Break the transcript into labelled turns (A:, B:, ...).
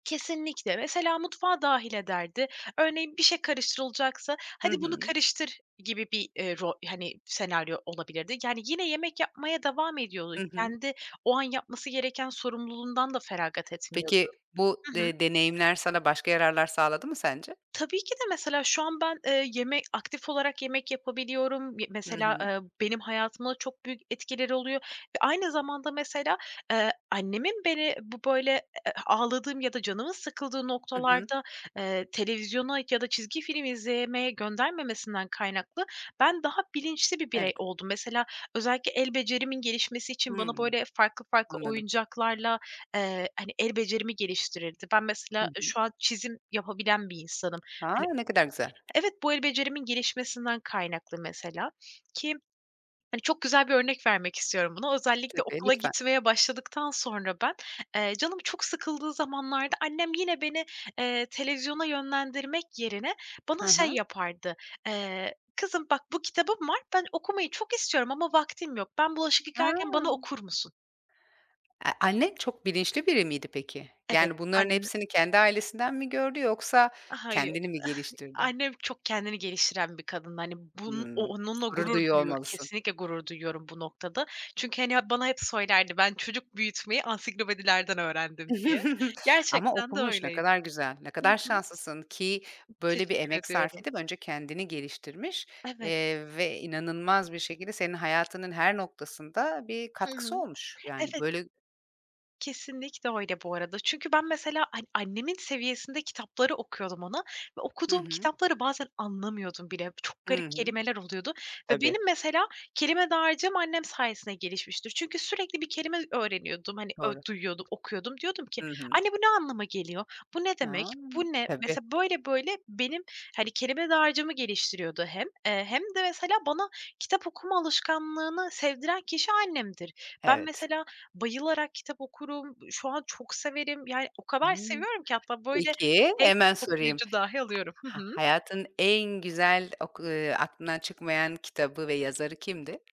A: Kesinlikle. Mesela, mutfağa dâhil ederdi. Örneğin, bir şey karıştırılacaksa
B: Hı
A: "Hadi, bunu
B: hı.
A: karıştır." gibi bir, eee, ro hani, senaryo olabilirdi. Yani, yine yemek yapmaya devam ediyordu.
B: Hı hı.
A: Kendi, o an yapması gereken sorumluluğundan da feragat etmiyordu
B: Peki, bu
A: Hı hı.
B: de deneyimler sana başka yararlar sağladı mı sence?
A: Tabii ki de, mesela, şu an ben, eee, yeme aktif olarak yemek yapabiliyorum. Y
B: Hı
A: mesela,
B: hı.
A: ııı, benim hayatıma çok büyük etkileri oluyor ve aynı zamanda, mesela, eee, annemin beni, bu böyle, eee, ağladığım ya da canımın sıkıldığı
B: I hı.
A: noktalarda, eee, televizyona ya da çizgi film izlemeye göndermemesinden kaynaklı, ben daha bilinçli bir birey
B: Evet.
A: oldum. Mesela, özellikle el becerimin gelişmesi için bana,
B: Hımm,
A: böyle, farklı farklı
B: anladım.
A: oyuncaklarla, eee, hani, el becerimi geliştirirdi. Ben mesela,
B: Hı
A: ııı,
B: hı.
A: şu an çizim yapabilen bir insanım. Hani
B: A, ne kadar güzel.
A: evet, bu, el becerimin gelişmesinden kaynaklı mesela, ki, hani, çok güzel bir örnek vermek istiyorum buna. Özellikle
B: Tabii,
A: okula
B: lütfen.
A: gitmeye başladıktan sonra ben, eee, canım çok sıkıldığı zamanlarda, annem yine beni, eee, televizyona yönlendirmek yerine
B: Hı
A: bana şey
B: hı.
A: yapardı, eee, "Kızım, bak bu kitabım var, ben okumayı çok istiyorum ama vaktim yok. Ben bulaşık
B: A!
A: yıkarken bana okur musun?"
B: Eee, annen çok bilinçli biri miydi, peki?
A: Evet,
B: Yani, bunların
A: ann
B: hepsini kendi ailesinden mi gördü, yoksa
A: A, hayır.
B: kendini mi geliştirdi?
A: Annem, çok kendini geliştiren bir kadındı. Hani, bun o
B: Hımm.
A: onunla
B: Gurur
A: gurur
B: duyuyor
A: duyuyor
B: olmalısın.
A: kesinlikle gurur duyuyorum bu noktada. Çünkü, hani, hep, bana hep söylerdi, "Ben çocuk büyütmeyi ansiklopedilerden öğrendim." diye.
B: Ama
A: Gerçekten de
B: okumuş. Ne
A: öyleydi
B: kadar güzel, ne
A: Hı
B: kadar
A: hı.
B: şanslısın ki, böyle bir
A: Teşekkür
B: emek sarf
A: ediyorum.
B: edip, önce kendini geliştirmiş,
A: Evet.
B: eee, ve inanılmaz bir şekilde senin hayatının her noktasında, bir
A: Hı
B: katkısı
A: hı.
B: olmuş, yani,
A: Evet.
B: böyle
A: Kesinlikle öyle, bu arada. Çünkü ben, mesela, hani, annemin seviyesinde kitapları okuyordum ona ve
B: Hı
A: okuduğum
B: hı.
A: kitapları bazen anlamıyordum bile. Çok
B: Hı
A: garip
B: hı.
A: kelimeler oluyordu ve
B: Tabii.
A: benim, mesela, kelime dağarcığım annem sayesinde gelişmiştir. Çünkü sürekli bir kelime öğreniyordum, hani, ö
B: Doğru.
A: duyuyordum, okuyordum. Diyordum ki:
B: Hı hı.
A: "Anne, bu ne anlama geliyor? Bu ne demek?
B: Ha.
A: Bu ne?"
B: Tabii.
A: Mesela, böyle böyle benim, hani, kelime dağarcığımı geliştiriyordu hem, eee, hem de, mesela, bana kitap okuma alışkanlığını sevdiren kişi annemdir. Ben,
B: Evet.
A: mesela, bayılarak kitap okurum. Iıı, şu an çok severim, yani, o kadar
B: Hımm.
A: seviyorum ki, hatta böyle
B: Peki,
A: tek
B: hemen sorayım:
A: [unintelligible] dahi alıyorum. Hı
B: Ha
A: hı.
B: hayatın en güzel oku ııı, aklından çıkmayan kitabı ve yazarı kimdi?